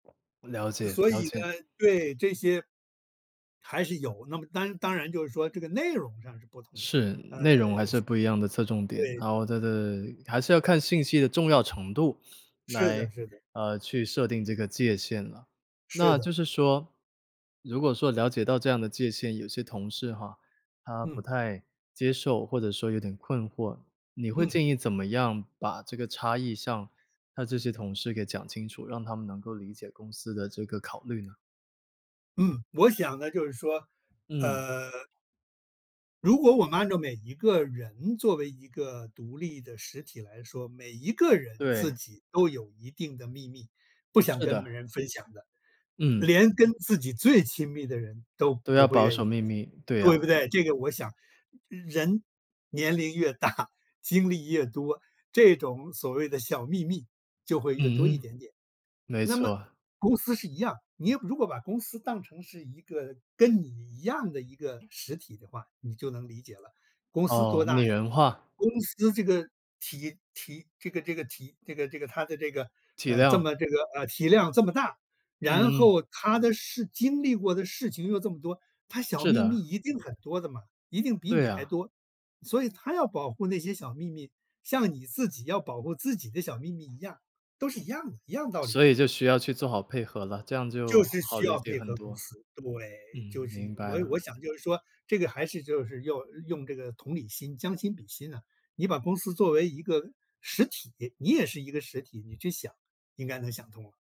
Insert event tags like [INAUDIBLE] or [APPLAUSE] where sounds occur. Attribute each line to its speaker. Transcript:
Speaker 1: 了解
Speaker 2: 所
Speaker 1: 了
Speaker 2: 以呢
Speaker 1: 解。
Speaker 2: 对，这些还是有，那么当然当然就是说这个内容上是不同呃。
Speaker 1: 是，内容还是不一样的侧重点，然
Speaker 2: 对。
Speaker 1: 后这个还是要看信息的重要程度，
Speaker 2: 是
Speaker 1: 来，
Speaker 2: 的是的。
Speaker 1: 呃，去设定这个界限了，
Speaker 2: 是
Speaker 1: 那
Speaker 2: 的。
Speaker 1: 就是说，如果说了解到这样的界限，有些同事哈，他不
Speaker 2: 嗯。
Speaker 1: 太接受或者说有点困惑，你会
Speaker 2: 嗯。
Speaker 1: 建议怎么样把这个差异上，他这些同事给讲清楚？让他们能够理解公司的这个考虑呢？
Speaker 2: 嗯，我想呢，就是说，
Speaker 1: 嗯。
Speaker 2: 呃如果我们按照每一个人作为一个独立的实体来说，每一个人自
Speaker 1: 对。
Speaker 2: 己都有一定的秘密，不想
Speaker 1: 是
Speaker 2: 跟
Speaker 1: 的。
Speaker 2: 别人分享的，
Speaker 1: 嗯。
Speaker 2: 连跟自己最亲密的人都
Speaker 1: 都
Speaker 2: 不
Speaker 1: 要
Speaker 2: 会
Speaker 1: 保
Speaker 2: 愿意
Speaker 1: 守秘密，对啊。
Speaker 2: 对不对？这个我想，人年龄越大 [CHUCKLES] 精力越多，这种所谓的小秘密，就会越多一
Speaker 1: 嗯哼。
Speaker 2: 点点。
Speaker 1: 没
Speaker 2: 那么，
Speaker 1: 错。
Speaker 2: 公司是一样，你如果把公司当成是一个跟你一样的一个实体的话，你就能理解了，公司
Speaker 1: 哦，
Speaker 2: 多
Speaker 1: 拟
Speaker 2: 大呀，
Speaker 1: 人化。
Speaker 2: 公司这个体体这个这个体这个这个它的这个，
Speaker 1: 体
Speaker 2: 呃这
Speaker 1: 谅。
Speaker 2: 么这个，呃体量这么大，然
Speaker 1: 嗯嗯。
Speaker 2: 后它的事经历过的事情又这么多，它小
Speaker 1: 是
Speaker 2: 秘密
Speaker 1: 的。
Speaker 2: 一定很多的嘛，一定比你
Speaker 1: 对
Speaker 2: 还
Speaker 1: 啊。
Speaker 2: 多，所以它要保护那些小秘密，像你自己要保护自己的小秘密一样，都是一样的一样的道理。
Speaker 1: 所以就需要去做好配合了。这样就
Speaker 2: 就是
Speaker 1: 好
Speaker 2: 需
Speaker 1: 理
Speaker 2: 要
Speaker 1: 解
Speaker 2: 配
Speaker 1: 很
Speaker 2: 合公
Speaker 1: 多。
Speaker 2: 司，
Speaker 1: 嗯，
Speaker 2: 对，就是因
Speaker 1: 明白
Speaker 2: 为我
Speaker 1: 了。
Speaker 2: 我想就是说，这个还是就是用用这个同理心，将心比心啊，你把公司作为一个实体，你也是一个实体，你去想，应该能想通了。